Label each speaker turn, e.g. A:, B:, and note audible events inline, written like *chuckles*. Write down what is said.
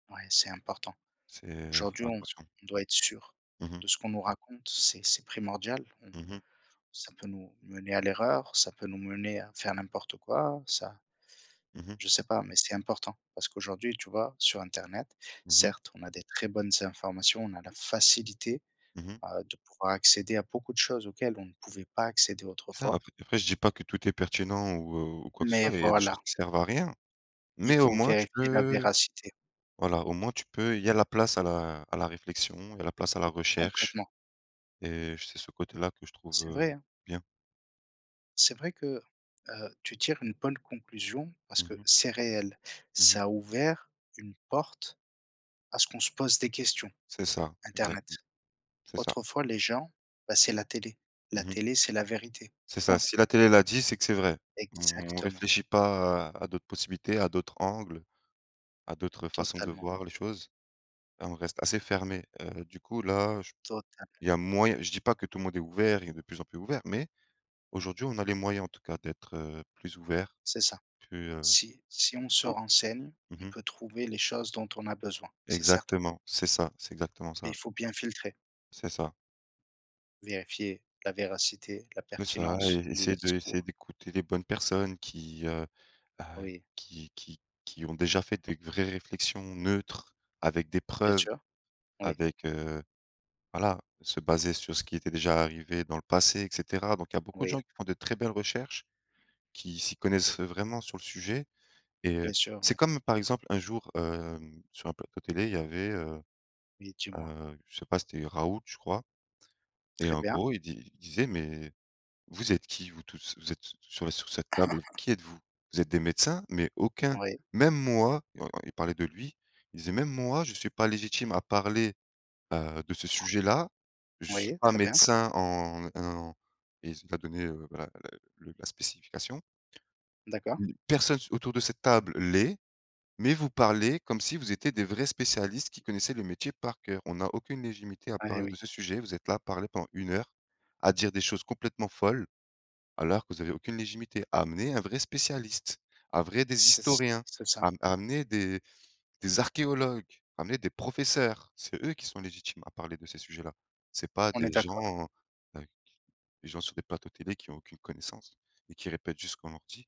A: Ouais, c'est important.
B: C'est faut
A: Aujourd'hui
B: faire
A: on
B: attention!
A: doit être sûr
B: Mmh mh.
A: de ce qu'on nous raconte, c'est c'est primordial. On
B: Mmh mh.
A: ça peut nous mener à l'erreur, ça peut nous mener à faire n'importe quoi. Ça
B: Mmh mh.
A: je sais pas, mais c'est important parce qu'aujourd'hui, tu vois? Sur internet,
B: Mmh mh.
A: certes on a des très bonnes informations, on a la facilité,
B: Mmh mh.
A: bah, de pouvoir accéder à beaucoup de choses auxquelles on ne pouvait pas accéder
B: Ça
A: autrefois
B: après après je dis pas que tout est pertinent ou ou quoi que ce
A: mais
B: soit et il y a des choses
A: voilà
B: qui servent à rien,
A: il
B: mais au
A: faut
B: moins tu
A: vérifier la
B: peux
A: véracité.
B: voilà, au moins tu peux il y a la place à la à la réflexion, il y a la place à la recherche
A: Complètement!
B: et c'est ce côté-là que je trouve,
A: C'est
B: heu,
A: vrai, hein!
B: bien.
A: C'est vrai que, heu, tu tires une bonne conclusion parce
B: Mmh
A: que
B: mh.
A: c'est réel,
B: Mmh mh.
A: ça a ouvert une porte à ce qu'on se pose des questions,
B: C'est ça!
A: internet.
B: Exactement, c'est ça.
A: Autrefois les gens, bah, c'est la télé. La
B: Mmh mh.
A: télé c'est la vérité,
B: C'est ça,
A: point.
B: si la télé l'a dit, c'est que c'est vrai! On
A: Exactement!
B: réfléchit pas à à d'autres possibilités, à d'autres angles, à d'autres façons de
A: Totalement.
B: voir les choses, et on reste assez fermé, heu, du coup là j
A: Totalement.
B: il y a moy je dis pas que tout le monde est ouvert et de plus en plus ouvert mais
A: Non.
B: aujourd'hui on a les moyens en tout cas, d'être, heu, plus ouvert,
A: C'est ça.
B: plus, heu
A: Si si on se renseigne,
B: mmh
A: on
B: mh.
A: peut trouver les choses dont on a besoin, c'est certain!
B: Exactement! C'est ça, c'est exactement
A: Mais
B: ça.
A: il faut bien filtrer.
B: C'est ça.
A: Vérifier la véracité, la
B: C'est ça et
A: pertinence, les
B: essayer de essayer
A: discours.
B: d'écouter les bonnes personnes, qui, heu bah,
A: Oui.
B: qui qui qui ont déjà fait des vraies réflexions neutres avec des
A: Bien
B: preuves.
A: sûr, oui.
B: Avec, heu voilà, se baser sur ce qui était déjà arrivé dans le passé, et cetera, donc il y a beaucoup de
A: Oui.
B: gens qui font de très belles recherches, qui s'y connaissent, heu, vraiment sur le sujet, et heu
A: Bien sûr,
B: c'est
A: oui.
B: comme par exemple un jour, hem, sur un plateau télé, y avait heu
A: Oui, dis-moi.
B: heu, je sais pas c'était Raoult je crois, et
A: Très
B: en
A: bien.
B: gros il di il disait: «Mais vous êtes qui vous tous, vous êtes sur sur cette table,
A: *chuckles*
B: qui êtes-vous? Vous êtes des médecins? Mais aucun!
A: Oui.
B: Même moi!» Il y en en il parlait de lui, il disait; «Même moi je suis pas légitime à parler, heu, de ce sujet là, je suis
A: Oui,
B: pas
A: très bien.
B: médecin en en» et il s a donné, heu, bah, la le la spécification
A: D'accord.
B: «personne s autour de cette table l'est, mais vous parlez comme si vous étiez des vrais spécialistes qui connaissaient le métier par cœur. On n'a aucune légitimité à
A: Eh
B: parler
A: oui.
B: de ce sujet, vous êtes là à parler pendant 1 heure, à dire des choses complètement folles. Alors que vous avez aucune légitimité. Amenez un vrai spécialiste, un vrai des
A: C'est c
B: historiens,
A: c'est ça!
B: a amenez des des archéologues, amenez des professeurs, c'est eux qui sont légitimes à parler de ces sujets là. C'est pas
A: On est
B: des
A: d'accord.
B: gens, heu, qui des gens sur des plateaux télé, qui ont aucune connaissance et qui répètent juste ce qu'on leur dit».